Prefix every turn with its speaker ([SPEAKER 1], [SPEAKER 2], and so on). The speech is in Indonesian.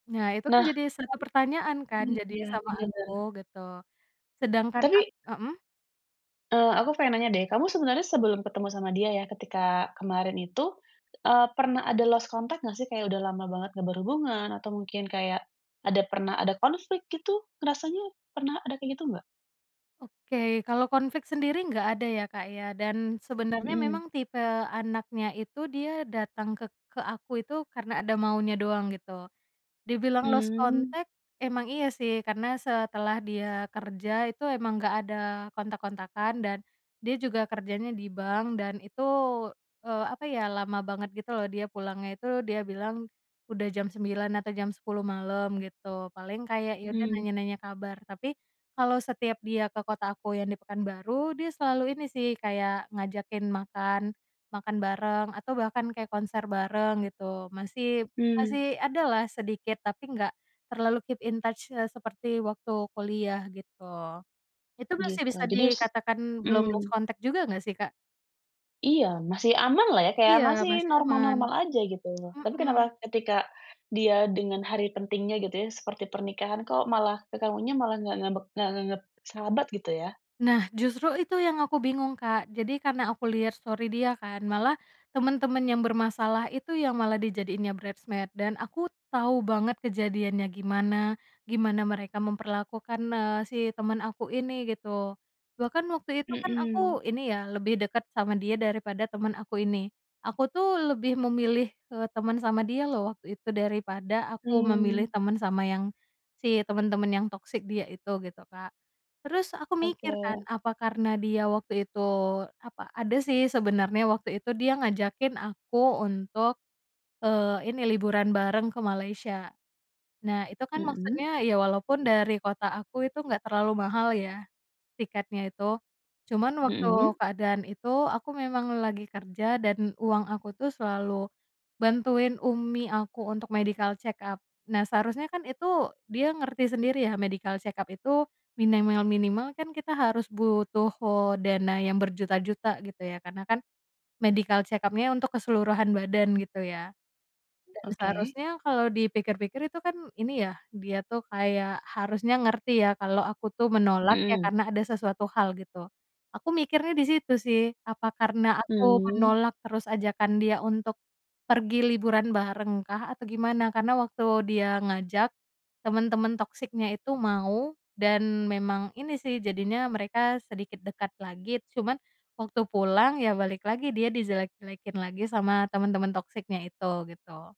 [SPEAKER 1] Nah, itu kan
[SPEAKER 2] Nah.
[SPEAKER 1] jadi satu pertanyaan kan
[SPEAKER 2] Ini
[SPEAKER 1] jadinya
[SPEAKER 2] dia
[SPEAKER 1] sama aku,
[SPEAKER 2] kejanggalan.
[SPEAKER 1] gitu, sedangkan ak
[SPEAKER 2] Tapi
[SPEAKER 1] mhm?
[SPEAKER 2] eee, aku pengen nanya deh. Kamu sebenarnya sebelum ketemu sama dia, ya, ketika kemarin itu, eee, pernah ada lost contact nggak sih, kayak udah lama banget nggak berhubungan, atau mungkin kayak ada pernah ada konflik, gitu? Rasanya pernah ada kayak gitu nggak?
[SPEAKER 1] Oke, kalau konflik sendiri nggak ada ya, Kak, ya, dan sebenarnya
[SPEAKER 2] Mhm.
[SPEAKER 1] memang tipe anaknya itu dia datang ke ke aku itu karena ada maunya doang, gitu. Dibilang lost
[SPEAKER 2] Mmm.
[SPEAKER 1] contact, emang iya sih, karena setelah dia kerja itu emang nggak ada kontak-kontakan, dan dia juga kerjanya di bank, dan itu, eee, apa ya, lama banget, gitu loh, dia pulangnya itu dia bilang udah jam 9:00 atau jam 10:00 malem, gitu, paling kayak, ya, udah,
[SPEAKER 2] Hmm.
[SPEAKER 1] nanya-nanya kabar tapi kalau setiap dia ke kota aku yang di Pekanbaru, dia selalu ini, sih, kayak ngajakin makan, makan bareng atau bahkan kayak konser bareng, gitu, masih
[SPEAKER 2] Hmm.
[SPEAKER 1] masih ada lah sedikit, tapi nggak terlalu keep in touch se seperti waktu kuliah, gitu, itu masih
[SPEAKER 2] Gitu.
[SPEAKER 1] bisa
[SPEAKER 2] Jadi s
[SPEAKER 1] dikatakan belum lost
[SPEAKER 2] mmm.
[SPEAKER 1] contact juga nggak sih, Kak?
[SPEAKER 2] Iya, masih amanlah, ya, kayak
[SPEAKER 1] Iya,
[SPEAKER 2] masih
[SPEAKER 1] masih aman.
[SPEAKER 2] normal-normal aja, gitu. Tapi
[SPEAKER 1] Mhm.
[SPEAKER 2] kenapa ketika dia dengan hari pentingnya, gitu ya, seperti pernikahan, kok malah ke kamunya malah nggak ngambek nggak nganggep sahabat, gitu ya?
[SPEAKER 1] Nah, justru itu yang aku bingung, Kak. Jadi karena aku liat story dia kan, malah temen-temen yang bermasalah itu yang malah dijadiinnya bridesmaid, dan aku tau banget kejadiannya gimana, gimana mereka memperlakukan, eee, si temen aku ini, gitu, bahkan waktu itu kan
[SPEAKER 2] Mhm.
[SPEAKER 1] aku ini, ya, lebih deket sama dia daripada temen aku ini, aku tuh lebih memilih, eee, teman sama dia loh waktu itu daripada aku
[SPEAKER 2] Mmm.
[SPEAKER 1] memilih teman sama yang si temen-temen yang toxic dia itu, gitu, Kak. Terus aku mikir kan,
[SPEAKER 2] Oke.
[SPEAKER 1] apa karena dia waktu itu apa ada sih sebenarnya waktu itu dia ngajakin aku untuk, eee, ini, liburan bareng ke Malaysia. Nah, itu kan
[SPEAKER 2] Mhm.
[SPEAKER 1] maksudnya, ya, walaupun dari kota aku itu nggak terlalu mahal, ya, tiketnya itu, cuman waktu
[SPEAKER 2] Mhm.
[SPEAKER 1] keadaan itu aku memang lagi kerja dan uang aku tuh selalu bantuin umi aku untuk medical check-up. Nah, seharusnya kan itu dia ngerti sendiri, ya, medical check-up itu minimal-minimal kan kita harus butuh dana yang berjuta-juta, gitu ya, karena kan medical check-up-nya untuk keseluruhan badan, gitu ya. Dan
[SPEAKER 2] Oke.
[SPEAKER 1] seharusnya kalau dipikir-pikir itu kan ini, ya, dia tuh kayak harusnya ngerti, ya, kalau aku tuh menolak, ya,
[SPEAKER 2] Mhm.
[SPEAKER 1] karena ada sesuatu hal, gitu, aku mikirnya di situ sih, apa karena aku
[SPEAKER 2] Mmm.
[SPEAKER 1] menolak terus ajakan dia untuk pergi liburan barengkah, atau gimana. Karena waktu dia ngajak, temen-temen toxic-nya itu mau, dan memang ini sih, jadinya mereka sedikit dekat lagi, cuman waktu pulang, ya, balik lagi, dia dijelek-jelekin lagi sama temen-temen toxic-nya itu, gitu.